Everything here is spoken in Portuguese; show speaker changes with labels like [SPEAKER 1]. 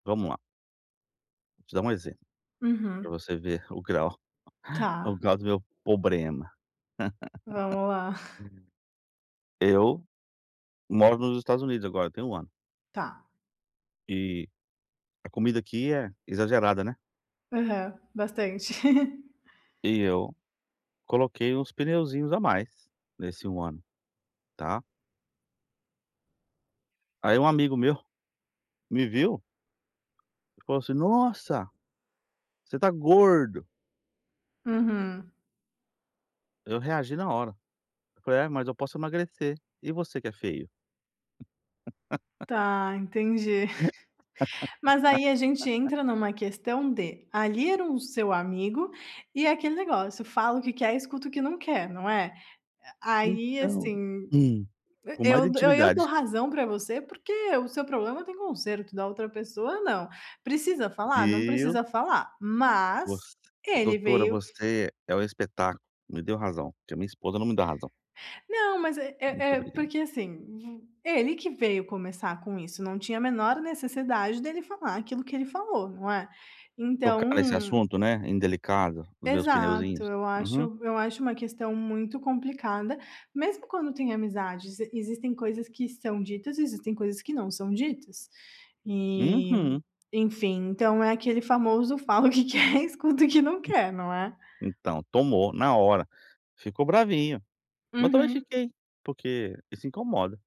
[SPEAKER 1] Vamos lá. Vou te dar um exemplo, para
[SPEAKER 2] Uhum.
[SPEAKER 1] você ver o grau o
[SPEAKER 2] Tá.
[SPEAKER 1] grau do meu problema.
[SPEAKER 2] Vamos lá.
[SPEAKER 1] Eu moro nos Estados Unidos agora, tem 1 ano.
[SPEAKER 2] Tá.
[SPEAKER 1] E a comida aqui é exagerada, né?
[SPEAKER 2] Aham, bastante.
[SPEAKER 1] E eu coloquei uns pneuzinhos a mais, nesse 1 ano, tá. Aí um amigo meu, me viu e falou assim: "Nossa, você tá gordo."
[SPEAKER 2] Uhum.
[SPEAKER 1] Eu reagi na hora, eu falei: "Ah, mas eu posso emagrecer. E você que é feio?"
[SPEAKER 2] Tá, entendi. Mas aí a gente entra em uma questão de, ali era o seu amigo e aquele negócio fala o que quer, escuta o que não quer não é? Aí
[SPEAKER 1] Então,
[SPEAKER 2] assim,
[SPEAKER 1] hum, com mais
[SPEAKER 2] eu eu eu dou
[SPEAKER 1] intimidade.
[SPEAKER 2] razão para você porque o seu problema tem conserto, da outra pessoa não, precisa falar? Não
[SPEAKER 1] Viu.
[SPEAKER 2] precisa falar,
[SPEAKER 1] Voc
[SPEAKER 2] mas ele
[SPEAKER 1] doutora,
[SPEAKER 2] veio
[SPEAKER 1] você é um espetáculo, me deu razão. Que a minha esposa não me dá razão.
[SPEAKER 2] Não, mas é é
[SPEAKER 1] Muito
[SPEAKER 2] é,
[SPEAKER 1] obrigado.
[SPEAKER 2] porque assim, v ele que veio começar com isso, não tinha a menor necessidade dele falar aquilo que ele falou, não é?
[SPEAKER 1] Tocar nesse
[SPEAKER 2] Então
[SPEAKER 1] assunto né, indelicado, dos meus
[SPEAKER 2] Exato,
[SPEAKER 1] pneuzinhos.
[SPEAKER 2] eu
[SPEAKER 1] Uhum.
[SPEAKER 2] acho eu acho uma questão muito complicada, mesmo quando tem amizades, existem coisas que são ditas e existem coisas que não são ditas. E
[SPEAKER 1] Uhum.
[SPEAKER 2] enfim, então é aquele famoso falo que quer escuta o que não quer, não é?
[SPEAKER 1] Então, tomou na hora. Ficou bravinho. Mas também
[SPEAKER 2] Uhum.
[SPEAKER 1] fiquei, porque isso incomoda.